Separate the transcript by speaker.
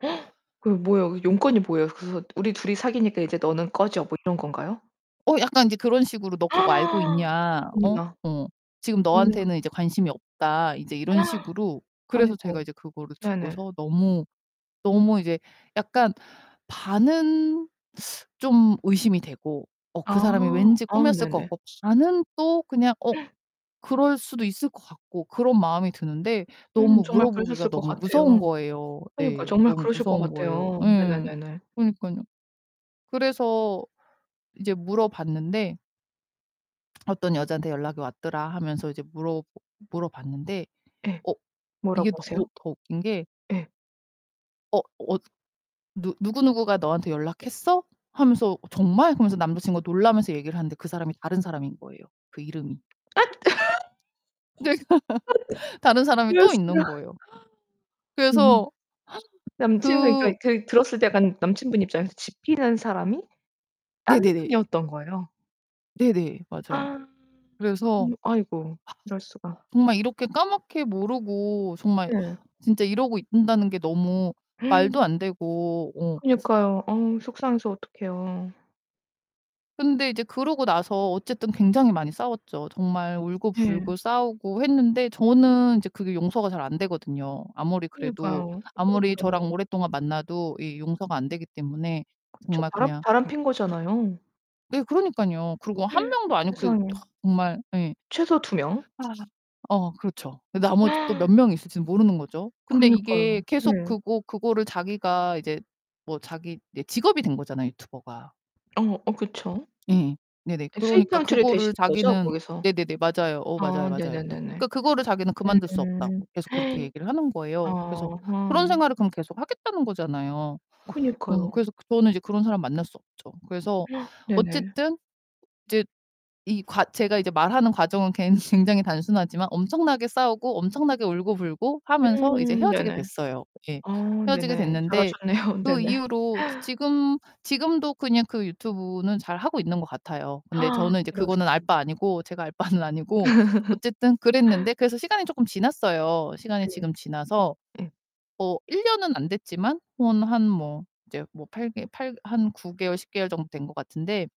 Speaker 1: 그 뭐예요? 용건이 뭐예요? 그래서 "우리 둘이 사귀니까 이제 너는 꺼져." 뭐 이런 건가요?
Speaker 2: 어 약간 이제 그런 식으로 "너 그거 알고 있냐? 어?
Speaker 1: 어머나.
Speaker 2: 어. 지금
Speaker 1: 어머나.
Speaker 2: 너한테는 이제 관심이 없다." 이제 이런 식으로 그래서 제가
Speaker 1: 아이고.
Speaker 2: 이제 그거를
Speaker 1: 네, 네.
Speaker 2: 듣고서 너무 너무 이제 '약간 반은 좀 의심이 되고 어 그
Speaker 1: 아.
Speaker 2: 사람이 왠지
Speaker 1: 아
Speaker 2: 꾸몄을 것
Speaker 1: 네네.
Speaker 2: 같고 반은 또 그냥 어 그럴 수도 있을 것 같고...' 그런 마음이 드는데
Speaker 1: 음
Speaker 2: 너무
Speaker 1: 정말
Speaker 2: 물어보기가
Speaker 1: 그러셨을 것
Speaker 2: 너무 무서운
Speaker 1: 같아요.
Speaker 2: 거예요.
Speaker 1: 그니까
Speaker 2: 네,
Speaker 1: 정말
Speaker 2: 너무
Speaker 1: 그러실 것
Speaker 2: 무서운 거예요.
Speaker 1: 같아요.
Speaker 2: 예.
Speaker 1: 네네네네.
Speaker 2: 그러니깐요. 그래서 이제 물어봤는데 "어떤 여자한테 연락이 왔더라." 하면서 이제 물어 물어봤는데
Speaker 1: 예.
Speaker 2: 어 이게
Speaker 1: 뭐라고 하세요?
Speaker 2: 너무 더 웃긴게
Speaker 1: 예.
Speaker 2: 어 어 "누 누구누구가 너한테 연락했어?" 하면서 "정말?" 하면서 남자친구가 놀라면서 얘기를 하는데 그 사람이 다른 사람인 거예요 그 이름이.
Speaker 1: 앗
Speaker 2: 다른 사람이 또
Speaker 1: 이럴수가.
Speaker 2: 있는 거예요.
Speaker 1: 음.
Speaker 2: 그래서
Speaker 1: 남친은 그러
Speaker 2: 그
Speaker 1: 그 들었을 때 약간 남친분 입장에서 짚히는 사람이 딴
Speaker 2: 네네네.
Speaker 1: 분이었던 거예요.
Speaker 2: 네네, 맞아요. 그래서
Speaker 1: 그럼 아이고 이럴 수가.
Speaker 2: 정말 이렇게 까맣게 모르고 정말
Speaker 1: 예.
Speaker 2: 진짜 이러고 있다는 게 너무 말도 안되고 어.
Speaker 1: 그니까요. 어우 속상해서 어떡해요.
Speaker 2: 근데 이제 그러고 나서 어쨌든 굉장히 많이 싸웠죠. 정말
Speaker 1: 네.
Speaker 2: 울고불고 싸우고 했는데 저는 이제 그게 용서가 잘 안 되거든요. 아무리 그래도
Speaker 1: 그니까요.
Speaker 2: 아무리
Speaker 1: 그렇죠.
Speaker 2: 저랑 오랫동안 만나도 이 용서가 안 되기 때문에
Speaker 1: 그쵸.
Speaker 2: 정말
Speaker 1: 바람
Speaker 2: 그냥
Speaker 1: 바람 핀 거잖아요.
Speaker 2: 네, 그러니깐요. 그리고 1 명도 아니고 그
Speaker 1: 세상에.
Speaker 2: 정말 예.
Speaker 1: 최소 2 명.
Speaker 2: 어 그렇죠. 나머지 또 몇 명이 있을지는 모르는 거죠. 근데 이게
Speaker 1: 그니까요.
Speaker 2: 계속
Speaker 1: 네.
Speaker 2: 그거 그거를 자기가 이제 뭐 자기 예 직업이 된 거잖아요, 유튜버가.
Speaker 1: 어, 어, 그쵸.
Speaker 2: 예, 네, 네.
Speaker 1: 예.
Speaker 2: 그러니까
Speaker 1: 수익창출이
Speaker 2: 그거를
Speaker 1: 되시는 거죠
Speaker 2: 자기는
Speaker 1: 거기서?
Speaker 2: 네, 네, 네. 맞아요. 어
Speaker 1: 아
Speaker 2: 맞아요,
Speaker 1: 네 네
Speaker 2: 맞아요.
Speaker 1: 네 네.
Speaker 2: 그러니까 그거를 자기는 그만둘 수 없다고
Speaker 1: 음.
Speaker 2: 계속 그렇게 얘기를 하는 거예요. 그래서
Speaker 1: 아하.
Speaker 2: 그런 생활을 그럼 계속 하겠다는 거잖아요. 어
Speaker 1: 그니까요.
Speaker 2: 그래서 저는 이제 그런 사람을 만날 수 없죠. 그래서
Speaker 1: 네 네.
Speaker 2: 어쨌든 이제 이 과 제가 이제 말하는 과정은 굉 굉장히 단순하지만 엄청나게 싸우고 엄청나게 울고불고 하면서 이제
Speaker 1: 음 네
Speaker 2: 헤어지게
Speaker 1: 네.
Speaker 2: 됐어요. 예.
Speaker 1: 아 네,
Speaker 2: 헤어지게
Speaker 1: 네.
Speaker 2: 됐는데
Speaker 1: 잘하셨네요. 네
Speaker 2: 그
Speaker 1: 네.
Speaker 2: 이후로 지 지금 지금도 그냥 그 유튜브는 잘 하고 있는 것 같아요. 근데 저는 이제
Speaker 1: 이럴
Speaker 2: 그거는 알
Speaker 1: 수가.
Speaker 2: 바 아니고, 제가 알 바는 아니고. 어쨌든 그랬는데 그래서 시간이 조금 지났어요. 시간이
Speaker 1: 네.
Speaker 2: 지금 지나서
Speaker 1: 예.
Speaker 2: 어 1 년은 안 됐지만 뭐 한 뭐 이제 뭐 8 개 한 9개월 10 개월 정도 된 것 같은데